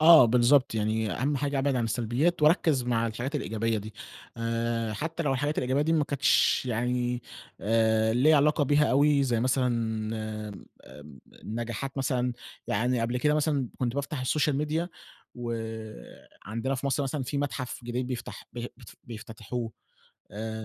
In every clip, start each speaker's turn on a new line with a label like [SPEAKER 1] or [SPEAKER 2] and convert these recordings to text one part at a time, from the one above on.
[SPEAKER 1] آه، بالضبط. يعني أهم حاجة ابعد عن السلبيات واركز مع الحاجات الإيجابية دي. آآ، حتى لو الحاجات الإيجابية دي ما كنتش يعني، آآ، ليّا علاقة بيها أوي، زي مثلًا آمم، آمم، نجاحات مثلًا، يعني قبل كده مثلًا كنت بافتح السوشيال ميديا وعندنا في مصر مثلًا في متحف جديد بيفتح بي بت بيفتتحوه،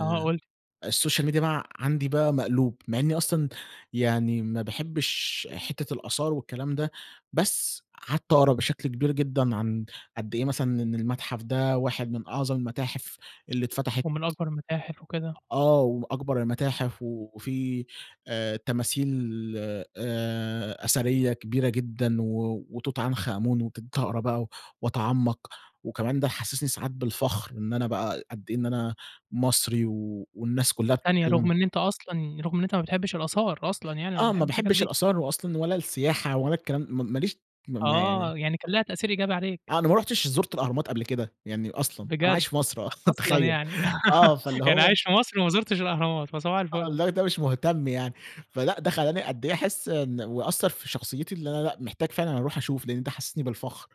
[SPEAKER 2] آه، قُل لي.
[SPEAKER 1] السوشيال ميديا بقى عندي بقى مقلوب، مع إني أصلًا، يعني ما باحبش حتة الآثار والكلام ده، بس قعدت اقرا بشكل كبير جدًا عن قد إيه مثلًا إن المتحف ده واحد من أعظم المتاحف اللي اتفتحت.
[SPEAKER 2] ومن أكبر المتاحف وكده.
[SPEAKER 1] أ آه، وأكبر المتاحف وفي آآ، تماثيل آآ، أثرية كبيرة جدًا، و وتوت عنخ امون وكنت هاقرا بقى و واتعمق. وكمان ده حسسني ساعات بالفخر، إن أنا بقى قد إن أنا مصري و والناس كلها
[SPEAKER 2] ثانية، رغم
[SPEAKER 1] بتتكلم
[SPEAKER 2] إن أنت أصلًا رغم إن أنت ما بتحبش الأثار أصلًا يعني ولا
[SPEAKER 1] آه، ما
[SPEAKER 2] بتحب الحاجات
[SPEAKER 1] باحبش
[SPEAKER 2] دي.
[SPEAKER 1] الأثار و أصلًا ولا السياحة ولا الكلام م ما ليش م ما يعني
[SPEAKER 2] آه، يعني كان ليها تأثير إيجابي عليك.
[SPEAKER 1] أنا ما رُحتش زُرت الأهرامات قبل كده، يعني أصلًا. أنا
[SPEAKER 2] بجد!
[SPEAKER 1] عايش في مصر آه،
[SPEAKER 2] أصلًا
[SPEAKER 1] تخيل.
[SPEAKER 2] يعني؟
[SPEAKER 1] آه، فاللي
[SPEAKER 2] يعني
[SPEAKER 1] هو
[SPEAKER 2] عايش في مصر وما زُرتش الأهرامات، فصباح
[SPEAKER 1] آه،
[SPEAKER 2] الفل.
[SPEAKER 1] والله ده مش مهتم يعني. فلأ، ده خلاني قد أحس إن وأثر في شخصيتي اللي أنا لأ، محتاج فعلًا أروح أشوف، لأن ده حسسني بالفخر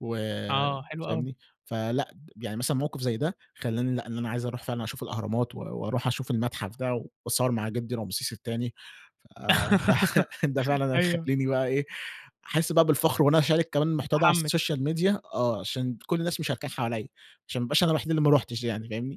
[SPEAKER 1] و
[SPEAKER 2] آه، حلو أوي.
[SPEAKER 1] فاهمني؟ فلأ، يعني مثلًا موقف زي ده، خلاني لأ، إن أنا عايز أروح فعلًا أشوف الأهرامات و وأروح أشوف المتحف ده، وأتصور مع جدي رمسيس التاني. فده ده فعلًا
[SPEAKER 2] أيوه.
[SPEAKER 1] هيخليني بقى إيه، أحس بقى بالفخر وإن أنا اشارك كمان المحتوى ده على
[SPEAKER 2] متحمس.
[SPEAKER 1] السوشيال ميديا آه، عشان كل الناس مشاركاه حواليّا، عشان ما ابقاش أنا الوحيد اللي ما رُحتش يعني فاهمني.